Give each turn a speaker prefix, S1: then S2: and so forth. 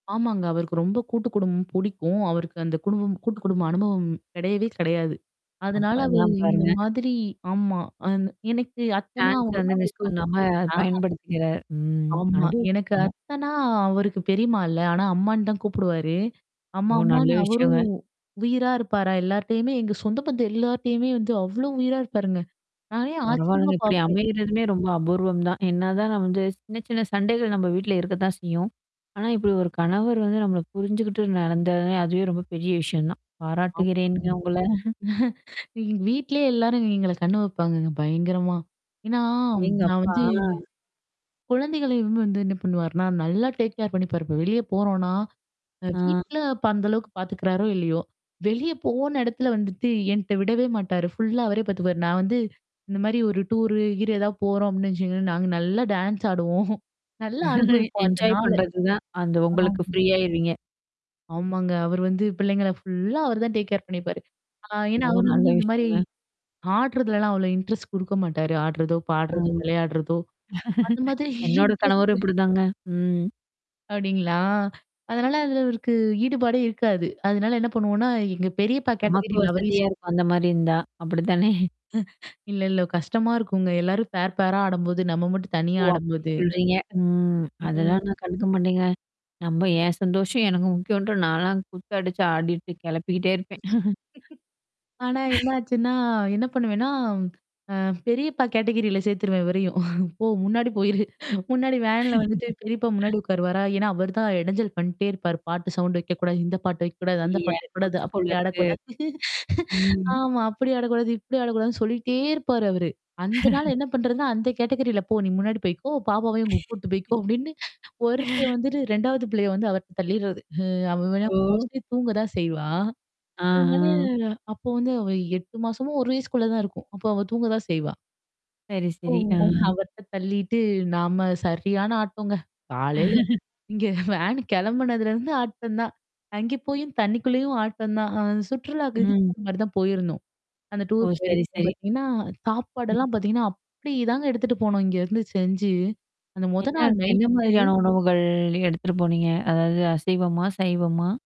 S1: ஆமாங்க. அவருக்கு ரொம்ப கூட்டு குடும்பம் புடிக்கும். அவருக்கு அந்த குடும்பம் கூட்டு குடும்ப அனுபவம் கிடையவே கிடையாது.
S2: அப்ப
S1: அதனால அவரு
S2: அதலாம்
S1: இந்த
S2: பாருங்க.
S1: மாதிரி ஆமா. அ எனக்கு அத்தனா
S2: சான்ஸ்
S1: அவரு
S2: வந்து மிஸ்
S1: அவருக்கு
S2: பண்ணாம
S1: அஹ.
S2: பயன்படுத்திக்கிற ம்
S1: ஆமா. எனக்கு
S2: அனுபவிச்சுட்டாங்க.
S1: அத்தனா அவருக்கு பெரியம்மா இல்ல. ஆனா அம்மான்னு தான் கூப்பிடுவாரு.
S2: ஓ!
S1: அம்மா,
S2: நல்ல
S1: அம்மான்னு
S2: விஷயங்க.
S1: அவரும். உயிரா இருப்பாரா, எல்லார்ட்டயுமே எங்க சொந்த பந்தும் எல்லார்ட்டயுமே வந்து, அவ்ளோ உயிரா இருப்பாருங்க. நானே ஆச்சரியமா
S2: பரவால்லங்க இப்டி
S1: பார்ப்பேன்.
S2: அமையறதுமே ரொம்ப அபூர்வம் தான். என்னா தான் நம்ம வந்து சின்ன, சின்ன சண்டைகள் நம்ம வீட்ல இருக்கத்தான் செய்யும். ஆனா, இப்டி ஒரு கணவர் வந்து நம்மள புரிஞ்சுகிட்டு நடந்ததே, அதுவே ரொம்ப பெரிய விஷயம் தான்.
S1: ஆமாங்க.
S2: பாராட்டுகிறேன்ங்க உங்கள.
S1: எங்க வீட்லேயே எல்லாரும் எங்கள கண்ணு வைப்பாங்கங்க. பயங்கரமா. ஏன்னா, நான்
S2: அடேங்கப்பா!
S1: வந்து
S2: அ.
S1: குழந்தைகளையும் வந்து என்ன பண்ணுவாருன்னா நல்லா டேக்கேர் பண்ணிப்பாரு, இப்ப வெளிய போறோம்னா, அ
S2: ஆ.
S1: வீட்ல அப்ப அந்த அளவுக்கு பார்த்துக்கிறாரோ இல்லயோ! வெளிய போன இடத்துல வந்துட்டு என்ட்ட விடவே மாட்டாரு. ஃபுல்லா அவரே பாத்தபாரு. நான் வந்து, இந்த மாரி ஒரு டூர்ரு ஹீர்னு ஏதாவது போறோம் அப்டின்னு வச்சுோங்களேன். நாங்க நல்லா டான்ஸ் ஆடுவோம். நல்லா அனுபவிப்போம் அந்த
S2: என்ஜாய்
S1: நாள.
S2: பண்றது தான், அந்த
S1: ஆமா.
S2: உங்களுக்கு ஃப்ரீ ஆயிருவீங்க.
S1: ஆமாங்க. அவர் வந்து பிள்ளைங்கள ஃபுல்லா அவர் தான் டேக்கேர் பண்ணிப்பாரு. ஆ ஏன்னா,
S2: ஓ!
S1: அவரு வந்து
S2: நல்ல
S1: இந்த மாரி
S2: விஷயங்க.
S1: ஆடுறதலல்லாம் அவ்வளோ இன்ட்ரெஸ்ட் குடுக்க மாட்டாரு. ஆடுறதோ!
S2: ம்.
S1: பாடுறதோ, விளையாடுறதோ! அந்த மாதிரி
S2: என்னோட கணவரும்
S1: இன்ட்ரெஸ்ட்டு.
S2: இப்டிதாங்க! ம்.
S1: அப்டீங்களா? அதனால அதுல அவருக்கு ஈடுபாடே இருக்காது. அதனால என்ன பண்ணுவோம்ன்னா, எங்க பெரியப்பா
S2: நமக்கு
S1: கேட்டகரில அவரையும் சேர்த்து
S2: வசதியா இருக்கும் அந்த மாரி இருந்தா! அப்டித்தானே?
S1: இல்ல, இல்ல கஷ்டமா இருக்குங்க. எல்லாரும் பேர், பேரா ஆடம்போது. நம்ம மட்டும் தனியா
S2: ஓ! அப்டி
S1: ஆடம்போது.
S2: சொல்றீங்க. ம்.
S1: ம்.
S2: அதெல்லாம் தான் கண்டுக்க மாட்டேங்க. நம்ப என் சந்தோஷம் எனக்கு முக்கியம்ன்ட்டு நான்லாம் குத்து அடிச்சு, ஆடிட்டு கெளப்பிக்கிட்டே இருப்பேன்.
S1: ஆனா என்னாச்சுன்னா என்ன பண்ணுவேன்னா, அ பெரியப்பா கேட்டகரில சேர்த்துருவேன் இவரையும். போ! முன்னாடி போயிரு. முன்னாடி வேன்ல வந்துட்டு பெரியப்பா முன்னாடி உட்காருவாரா! ஏன்னா, அவர் தான் எடைஞ்சல் பண்ணிட்டே இருப்பாரு, பாட்டு சவுண்ட் வைக்கக்கூடாது. இந்த பாட்டு வைக்கக்கூடாது. அந்த
S2: ஐய்யய்ய!
S1: பாட்டு வைக்கக்கூடாது.
S2: நொச்சு
S1: அப்டி
S2: போலருக்கு.
S1: ஆடக்கூடாது.
S2: ம்.
S1: ஆமா, அப்டி ஆடக்கூடாது. இப்டி ஆடக்கூடாதுன்னு சொல்லிட்டே இருப்பாரு அவரு. அந்தனால என்ன பண்றதுன்னா, அந்த கேட்டகரில போ! நீ முன்னாடி போய்க்கோ, பாப்பாவையும் உங்க கூட்டு போய்க்கோ! அப்டின்னு ஒருத்த வந்துட்டு 2வது பிள்ளைய வந்து அவர்ட்ட தள்ளிறது. அவ வேணா
S2: ஓ!
S1: மோஸ்ட்லி தூங்க தான் செய்வா. அதனால
S2: ஆஹா.
S1: அப்போ வந்து அவ 8 மாசமோ, 1 வயசுக்குள்ள தான் இருக்கும். அப்போ அவ தூங்கதா செய்வா.
S2: சரி,
S1: ஓ!
S2: சரி. ஆ.
S1: அவர்ட்ட தள்ளிட்டு, நாம சரியான ஆட்டம்ங்க. காலையில இங்க வேன் கிளம்புனதுலருந்து ஆட்டம் தான். அங்க போயும் தண்ணிக்குள்ளேயும் ஆட்டம் தான். அ சுற்றுலாக்கு இதுக்கு
S2: ம்.
S1: போற மாரி தான் போயிருந்தோம். அந்த
S2: ஓ!
S1: டூர்
S2: சரி,
S1: போயிருக்கோம்
S2: சரி.
S1: பார்த்தீங்கன்னா சாப்பாடெல்லாம் பார்த்தீங்கன்னா, அப்டி தாங்க எடுத்துட்டு போனோம் இங்கருந்து செஞ்சு. அந்த மொத
S2: என்ன
S1: நாள்
S2: என்ன
S1: நைட்டு
S2: மாதிரியான உணவுகள் எடுத்துட்டு போனீங்க? அதாவது அசைவமா? சைவமா?